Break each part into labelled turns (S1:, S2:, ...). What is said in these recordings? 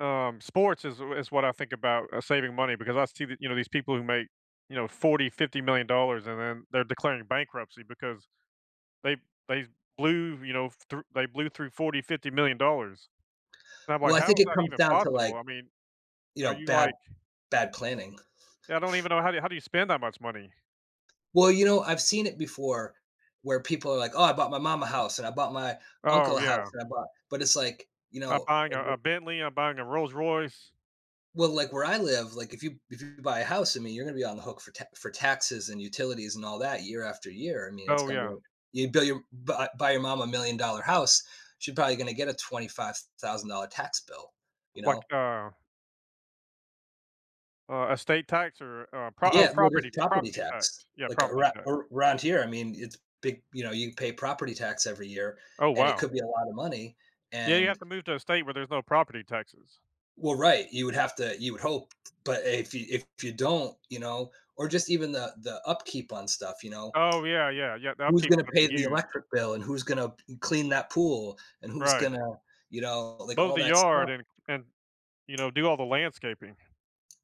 S1: Um, sports is is what I think about uh, saving money because I see the you know, these people who make, you know, 40, $50,000,000, and then they're declaring bankruptcy because they they blew, you know, through they blew through 40, $50,000,000. And I'm like,
S2: Well, I
S1: "How
S2: think
S1: is
S2: it
S1: that
S2: comes
S1: even
S2: down to,
S1: possible?"
S2: like,
S1: I mean,
S2: you
S1: "Are
S2: know,
S1: you
S2: bad
S1: like"
S2: bad planning.
S1: Yeah, I don't even know how do how do you spend that much money?
S2: Well, you know, I've seen it before where people are like, "Oh, I bought my mom a house, and I bought my
S1: Oh,
S2: uncle a house
S1: yeah.
S2: and I bought" But it's like, you
S1: I'm
S2: know,
S1: buying
S2: if
S1: a a
S2: you
S1: Bentley and i'm buying a Rolls Royce.
S2: Well, like, where I live, like, if you if you buy a house, I mean, you're gonna be on the hook for t for taxes and utilities and all that year after year. I mean, it's
S1: Oh,
S2: gonna be,
S1: yeah.
S2: like, you bill your buy your mom $1,000,000 house, she probably gonna get a $25,000 tax bill. You
S1: Like,
S2: know?
S1: uh uh, estate tax or, uh, pro oh,
S2: Yeah, well,
S1: property
S2: just
S1: t
S2: property
S1: property tax,
S2: tax,
S1: yeah,
S2: like,
S1: property
S2: aroun
S1: tax.
S2: around here, I mean, it's big, you know, you pay property tax every year,
S1: Oh,
S2: and it
S1: wow.
S2: could be a lotta money,
S1: Yeah, you have
S2: and
S1: to move to a state where there's no property taxes.
S2: Well, right, you would have to you would hope t but if you if you don't, you know, or just even the the upkeep on stuff, you know,
S1: Oh, yeah, yeah, yeah, the
S2: who's
S1: upkeep's
S2: gonna
S1: gonna be
S2: pay the
S1: huge.
S2: electric bill, and who's gonna p mm, clean that pool, and who's
S1: Right.
S2: gonna you know, like,
S1: Mow
S2: all
S1: the
S2: that
S1: yard
S2: stuff?
S1: and and, you know, do all the landscaping.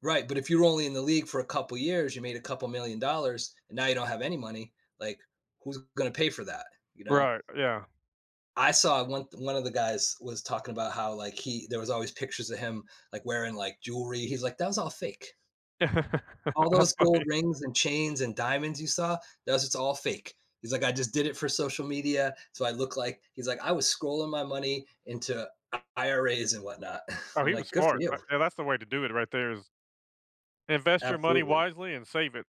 S2: Right, but if you're only in the league for a couple of years, you made a couple million dollars and now you don't have any money, like, who's gonna pay for that? You know?
S1: Right, yeah.
S2: I saw one one of the guys was talking about how, like, he there was always pictures of him, like, wearing, like, jewelry. He's like, "That was all fake." "All
S1: That's
S2: those gold
S1: funny.
S2: rings and chains and diamonds you saw, that was just all fake." He's like, "I just did it for social media, so I look like" He's like, "I was scrolling my money into IRAs and whatnot."
S1: Oh,
S2: I'm
S1: he was
S2: like, "Good for
S1: smart, a
S2: you."
S1: and that's the way to do it, right there is invest your money
S2: Absolutely.
S1: wisely and save it.